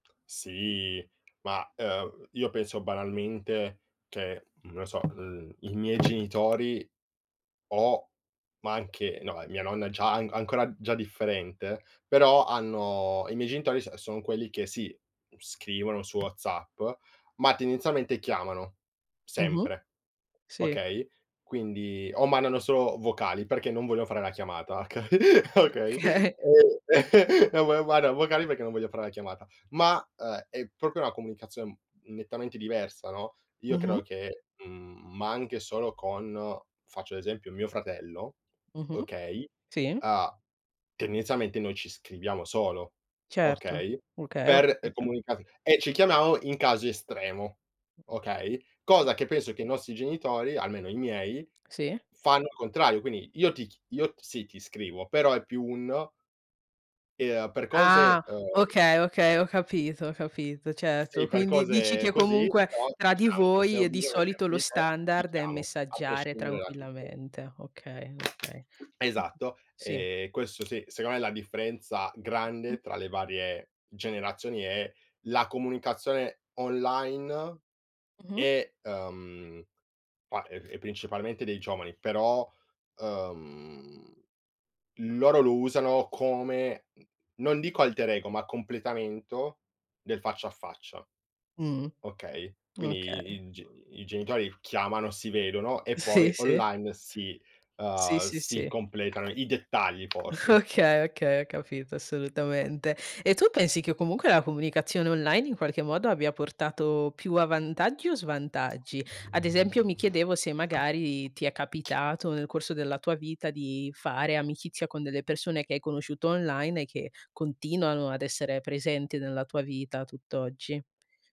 Sì, ma, ehm, io penso, banalmente, che, non lo so, mhmm, i miei genitori o ma anche no, mia nonna già anc ancora, già differente, però hanno i miei genitori so son quelli che sì, scrivono su WhatsApp, ma, tendenzialmente, chiamano. Mh-mh. Sempre. Sì. Okay? Quindi o mandano solo vocali perché non vogliono fare la chiamata, oka okay? Okay. E no, ma ma, guarda, vocali perché non voglio far la chiamata, ma è proprio una comunicazione nettamente diversa, no? Io Mh-mh. credo che, mhmm, ma anche solo con, faccio l'esempio, mio fratello, Mh-mh. okay, Si. ha tendenzialmente, noi ci scriviamo solo, Certo. okay. Okay, ho Per capito. comunicare e ci chiamiamo in caso estremo, okay. Cosa che penso che i nostri genitori, almeno i miei, Sì. fanno il contrario. Quindi, io ti ch io, sì, ti scrivo, però è più un Ehm, per Ah! cose, ehm Okay, okay, ho capito, ho capito, certo. Sì, per Quindi, dici cose che, così, comunque, però, ti tra di chiamo. Se voi, ho e di bisogno solito sempre lo di te, ti standard, è chiamo, a messaggiare prescindere da tutto. tranquillamente, okay, okay. Esatto. Sì. E questo sì, secondo me, la differenza Mh. grande tra le varie generazioni è la comunicazione online Mh-mh. e, ehm ma è principalmente dei giovani, però, ehm, loro lo usano come, non dico alter ego, ma completamento del faccia a faccia. Mh-mh. Okay? Quindi Okay. i i g i genitori chiamano, si vedono e Sì, poi sì. online si Sì, uhm, sì si si. completano i dettagli forse. Okay, okay, ho capito, assolutamente. E tu pensi che, comunque, la comunicazione online, in qualche modo, abbia portato più a vantaggi o svantaggi? Ad esempio, mi chiedevo se, magari, ti è capitato, nel corso della tua vita, di fare amicizia con delle persone che hai conosciuto online e che continuano ad essere presenti nella tua vita tutt'oggi.